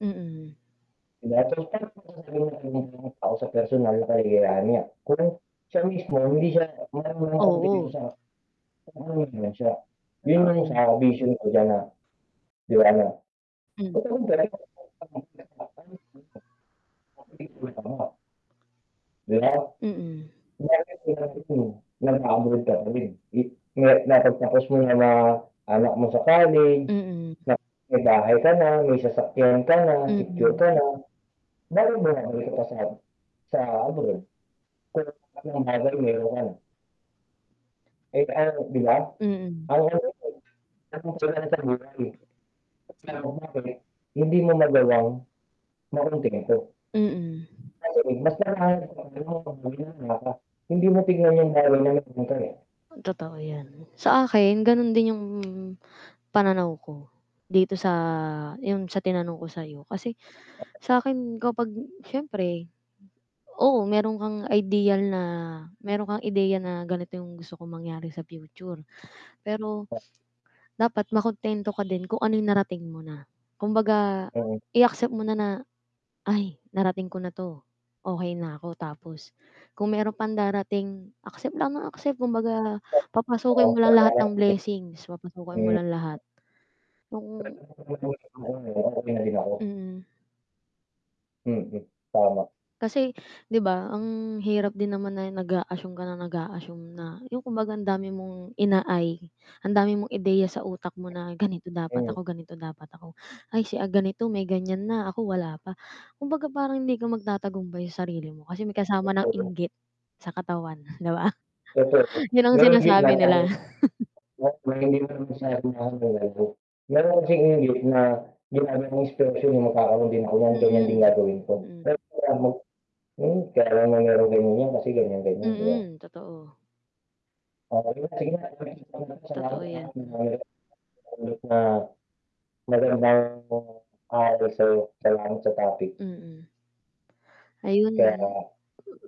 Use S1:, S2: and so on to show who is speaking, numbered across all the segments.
S1: Mm.
S2: [unintelligible] sa personal na kaligayahan niya kung siya mismo hindi siya marunong [unintelligible]
S1: Oo.
S2: sa siya yun
S1: Totoo,
S2: yung
S1: yun.
S2: sa vision ko diyan na, ano.
S1: Hmm.
S2: [unintelligible] 'Di ba,
S1: Mm.
S2: [unintelligible] nag-abroad ka pa rin di na napagtapos mo na mga anak mo sa college,
S1: Mm.
S2: ma may bahay ka na, may sasakyan ka na, secure
S1: Mm.
S2: ka na. Bakit bumabalik sa ab sa abroad kung lahat ng bagay meron ka na. Kahit ano, 'di ba,
S1: Mm.
S2: [unintelligible] sa buhay [unintelligible] hindi mo magawang makuntento.
S1: Mm.
S2: Kasi mas [unintelligible] hindi mo tignan yung [unintelligible] dito eh.
S1: Totoo yan, sa akin ganun din yung pananaw ko dito sa, yung sa tinanong ko sayo kasi sakin kapag siyempre oo, meron kang ideal na meron kang ideya na ganito yung gusto kong mangyari sa future pero dapat makuntento ka din kung anong narating mo na. Kumbaga,
S2: Oo.
S1: i-accept mo na na, "Ay narating ko na 'to okey na ako," Tapos kung meron pang darating, accept lang ng accept, kumbaga papasukin
S2: Oo.
S1: mo lang
S2: Sobra
S1: lahat
S2: na,
S1: ng
S2: [unintelligible]
S1: blessings papasukin mo
S2: Hmm.
S1: lang lahat oo.
S2: [unintelligible] uuwi na din ako.
S1: Mm.
S2: Mm, tama.
S1: Kasi, 'di ba, ang hirap din naman na nag-aassume ka na nag-aassume na, yung kumbaga ang dami mong ina-ay ang dami mong ideya sa utak mo na, "Ganito dapat
S2: Mm.
S1: ako, ganito dapat ako. Ay si ganito, may ganyan na ako wala pa." Kumbaga parang hindi ka magtatagumbay sa sarili mo kasi may kasama ng inggit sa katawan, 'di ba,
S2: Totoo
S1: yun ang
S2: mayron gitna
S1: sinasabi nila.
S2: tapos [unintelligible] hindi mo naman [unintelligible] ginamit mong inspirasyon na magkakaroon din ako niyan, ganyan din
S1: Mm,
S2: gagawin ko, pero,
S1: mm.
S2: [unintelligible] hmm kaya na mayron ganyan yan kasi ganyan, ganyan, 'di ba?
S1: Mm, totoo.
S2: Oh sige na, sige
S1: Totoo, yan.
S2: na. [unintelligible] aalay sa'yo. Salamat sa toic.
S1: Mm.
S2: Kaya,
S1: Ayun.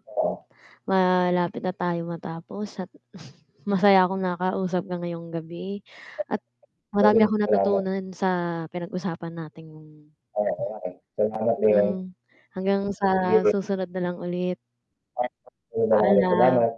S2: oo.
S1: Malapit na tayo matapos at masaya akong nakausap ka ngayong gabi at marami
S2: Ayun,
S1: akong
S2: salamat.
S1: natutunan sa pinag-usapan nating
S2: Oo nga eh, salamat din.
S1: Mm, hanggang
S2: Sige
S1: sa
S2: ba
S1: susunod na lang ulit.
S2: [unintelligible] sa'yo na lang ulit,
S1: Paalam.
S2: salamat.